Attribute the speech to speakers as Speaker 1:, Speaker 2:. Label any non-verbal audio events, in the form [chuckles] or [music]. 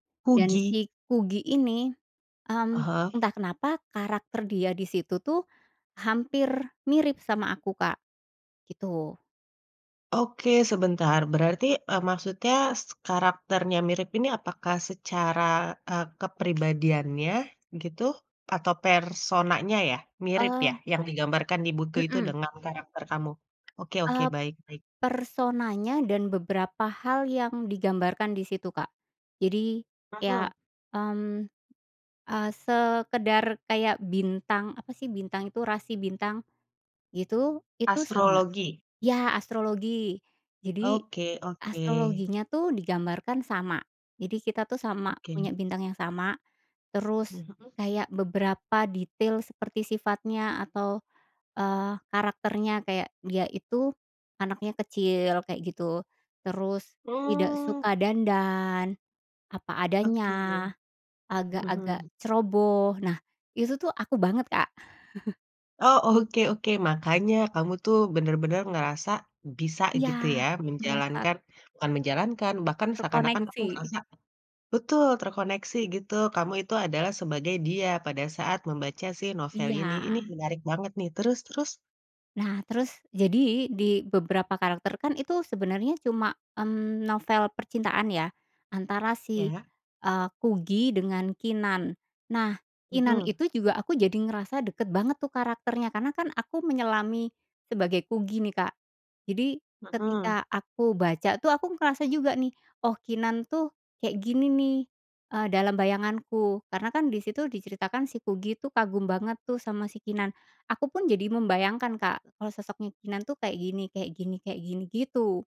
Speaker 1: Dan
Speaker 2: Kugy?
Speaker 1: si Kugy ini, mmm,
Speaker 2: Aha.
Speaker 1: entah kenapa, karakter dia di situ tuh hampir mirip sama aku, Kak, gitu.
Speaker 2: Oke, sebentar. Berarti, eee, maksudnya si karakternya mirip ini apakah secara, eee, kepribadiannya gitu atau personanya ya? Mirip ya?
Speaker 1: Eee
Speaker 2: Yang digambarkan di buku itu
Speaker 1: Mhm.
Speaker 2: dengan karakter kamu? Oke oke,
Speaker 1: Eee, p
Speaker 2: baik baik.
Speaker 1: personanya dan beberapa hal yang digambarkan di situ, Kak. Jadi, iya,
Speaker 2: Mhm.
Speaker 1: mmm, eee, sekadar kayak bintang, apa sih bintang itu? Rasi bintang, gitu, itu sama.
Speaker 2: Astrologi.
Speaker 1: Iya astrologi. Jadi
Speaker 2: Oke oke.
Speaker 1: astrologinya tuh digambarkan sama. Jadi kita tuh sama, punya
Speaker 2: Oke.
Speaker 1: bintang yang sama, terus
Speaker 2: Mhm.
Speaker 1: kayak beberapa detail seperti sifatnya atau, eee, karakternya kayak dia itu anaknya kecil, kayak gitu, terus tidak
Speaker 2: Mmm.
Speaker 1: suka dandan, apa adanya,
Speaker 2: Oke,
Speaker 1: agak-agak
Speaker 2: mhm.
Speaker 1: ceroboh. Nah, itu tuh aku banget, Kak. [chuckles]
Speaker 2: Oh, oke oke. Makanya kamu tuh benar-benar ngerasa bisa
Speaker 1: Iya,
Speaker 2: gitu ya
Speaker 1: merasa
Speaker 2: menjalankan bukan menjalankan, bahkan seakan-akan kamu
Speaker 1: terkoneksi.
Speaker 2: ngerasa betul terkoneksi gitu. Kamu itu adalah sebagai dia pada saat membaca si novel ini.
Speaker 1: Iya.
Speaker 2: Ini menarik banget nih. Terus terus?
Speaker 1: Nah terus, jadi di beberapa karakter kan itu sebenarnya cuma, mmm, novel percintaan ya antara si,
Speaker 2: Iya.
Speaker 1: eee, Kugy dengan Keenan. Nah Keenan
Speaker 2: Mhm.
Speaker 1: itu juga, aku jadi ngerasa dekat banget tuh karakternya, karena kan aku menyelami sebagai Kugy nih, Kak. Jadi
Speaker 2: Mhm.
Speaker 1: ketika aku baca tuh aku ngerasa juga nih, "Oh, Keenan tuh kayak gini nih," eee, dalam bayanganku karena kan di situ diceritakan si Kugy tuh kagum banget tuh sama si Keenan. Aku pun jadi membayangkan, Kak, kalau sosoknya Keenan tuh kayak gini kayak gini kayak gini, gitu.